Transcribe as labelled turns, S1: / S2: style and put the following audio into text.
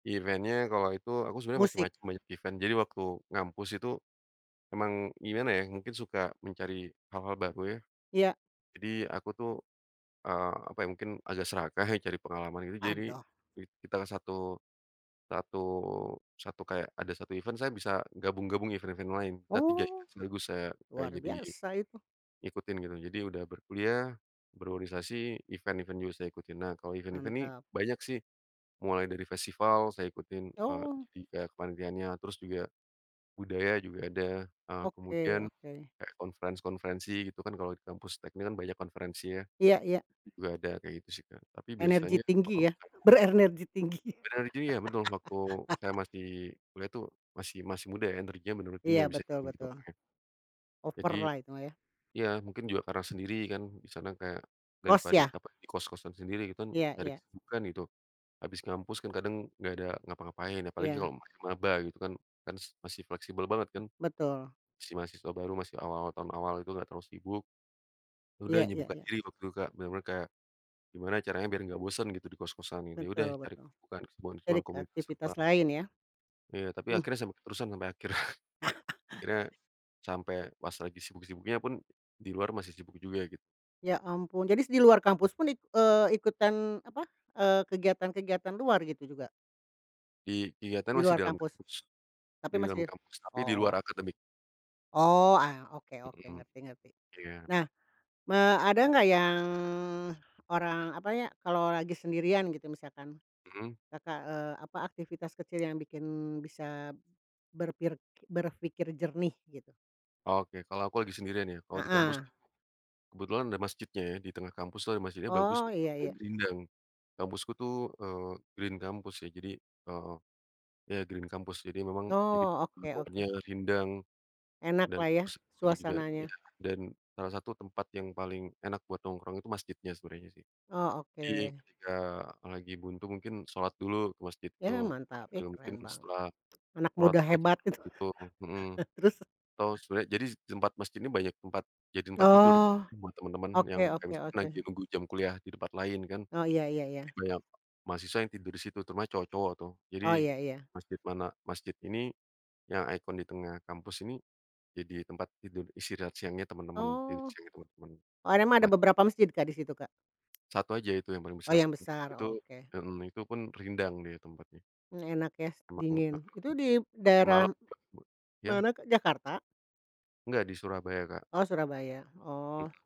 S1: Event-nya kalau itu aku sebenarnya
S2: Musik?
S1: macem-macem banyak event. Jadi waktu ngampus itu, emang gimana, ya, mungkin suka mencari hal-hal baru, ya.
S2: Iya.
S1: Jadi aku, tuh, eee, apa, ya, mungkin agak serakah, ya, cari pengalaman gitu jadi,
S2: Aduh.
S1: kita ke satu satu satu kayak ada 1 event saya bisa gabung-gabung event-event lain, nah 3 event
S2: Oh,
S1: sekaligus saya kayak
S2: luar
S1: jadi,
S2: biasa itu.
S1: ngikutin gitu. Jadi udah berkuliah, berorganisasi event-event juga saya ikutin. Nah kalau event-event nih
S2: Mantap.
S1: banyak sih, mulai dari festival saya ikutin, eee,
S2: Oh.
S1: jadi kayak kepanitiannya terus juga, budaya juga ada, eee,
S2: Oke
S1: kemudian,
S2: oke.
S1: kayak conference konferensi gitu, kan, kalau di kampus teknik, kan, banyak konferensinya.
S2: Iya iya.
S1: Juga ada kayak gitu, sih, Kak, tapi
S2: Energi
S1: biasanya.
S2: tinggi ya,
S1: [unintelligible]
S2: berenergi tinggi.
S1: Berenerginya betul waktu saya masih kuliah itu masih masih muda energinya menurutinya
S2: Iya
S1: nggak bisa.
S2: betul betul.
S1: [unintelligible] Jadi
S2: Over-lah itu mah ya.
S1: iya, mungkin juga karena sendiri, kan, di sana kayak,
S2: Kos
S1: daripada
S2: ya?
S1: capek di kos-kosan sendiri kita, kan,
S2: Iya
S1: cari
S2: iya.
S1: kesibukan gitu. Habis ngampus, kan, kadang nggak ada ngapa-ngapain apalagi
S2: Iya.
S1: kalau masih maba gitu, kan kan, s masih fleksibel banget, kan.
S2: Betul.
S1: Masih mahasiswa baru, masih awal tahun awal itu nggak terlalu sibuk. Ya, udah
S2: Iya iya
S1: nyibukan
S2: iya.
S1: diri waktu itu Kak, bener-bener kayak, gimana caranya biar nggak bosen gitu di kos-kosan gitu, ya, udah
S2: Betul
S1: cari
S2: betul.
S1: kesibukan kesibukan
S2: Jadi
S1: kesibukan,
S2: ke
S1: komunitas
S2: aktivitas
S1: apa.
S2: lain ya.
S1: Iya tapi
S2: Hmm.
S1: akhirnya sampai keterusan sampai akhir akhirnya, sampe pas lagi sibuk-sibuknya pun di luar masih sibuk juga gitu.
S2: Ya ampun, jadi di luar kampus pun it eee, ikutan apa, eee, kegiatan-kegiatan luar gitu juga?
S1: Di kegiatan
S2: Di
S1: masih
S2: luar
S1: dalam
S2: kampus?
S1: kampus,
S2: Tapi
S1: di dalam
S2: masih?
S1: kampus tapi di
S2: Oh.
S1: luar akademik.
S2: Oh, ah, oke oke,
S1: Mhm.
S2: ngerti ngerti.
S1: Iya.
S2: Nah, eee, ada nggak yang orang apa, ya, kalau lagi sendirian gitu misalkan,
S1: Mhm.
S2: Kakak, eee, apa aktivitas kecil yang bikin bisa berpir berpikir jernih gitu?
S1: Oke kalau aku lagi sendirian, ya. Kalau di kampus, tuh,
S2: Heeh.
S1: kebetulan ada masjidnya, ya, di tengah kampuslah masjidnya bagus
S2: Oh,
S1: gitu
S2: iya
S1: dan
S2: iya.
S1: rindang. Kampusku, tuh, eee, Green kampus, ya, jadi, eee, ya, Green kampus jadi memang jadi
S2: Oh, oke
S1: pohon-pohonnya
S2: oke.
S1: rindang, dan
S2: Enaklah ya
S1: bagus [unintelligible] juga
S2: suasananya.
S1: iya. Dan salah satu tempat yang paling enak buat nongkrong itu masjidnya sebenarnya, sih.
S2: Oh,
S1: Jadi
S2: oke.
S1: ketika lagi buntu mungkin sholat dulu ke masjid
S2: Ya
S1: itu
S2: mantap, ih,
S1: sambil mungkin
S2: keren banget.
S1: setelah,
S2: Anak
S1: sholat
S2: muda
S1: baca
S2: hebat
S1: [unintelligible]
S2: itu.
S1: gitu, mhm.
S2: Terus?
S1: Atau sebenarnya jadi tempat masjid ini banyak tempat jadi tempat tidur
S2: Oh,
S1: buat teman-teman yang
S2: oke
S1: kayak
S2: oke
S1: misalnya lagi
S2: oke.
S1: nunggu jam kuliah di tempat lain, kan,
S2: Oh, iya iya iya iya.
S1: banyak mahasiswa yang tidur di situ, terutama cowok-cowok, tuh.
S2: Oh,
S1: Jadi,
S2: iya iya.
S1: masjid mana masjid ini, yang icon di tengah kampus ini, jadi tempat tidur istirahat siangnya teman-teman, tidur
S2: Oh.
S1: siangnya teman-teman,
S2: Oh, Emang beberapa
S1: mahasiswa.
S2: masjid Kak di situ Kak.
S1: 1 aja itu yang paling
S2: Oh,
S1: besar
S2: yang besar
S1: itu
S2: oke.
S1: hmm, itu pun rindang dia tempatnya.
S2: Mmm, enak, ya,
S1: [unintelligible] Heeh,
S2: dingin itu di
S1: sampe
S2: daerah,
S1: malem. [unintelligible] Ya.
S2: mana Kak? Jakarta?
S1: Nggak, di Surabaya, Kak.
S2: Oh, Surabaya,
S1: Hmm.
S2: oh.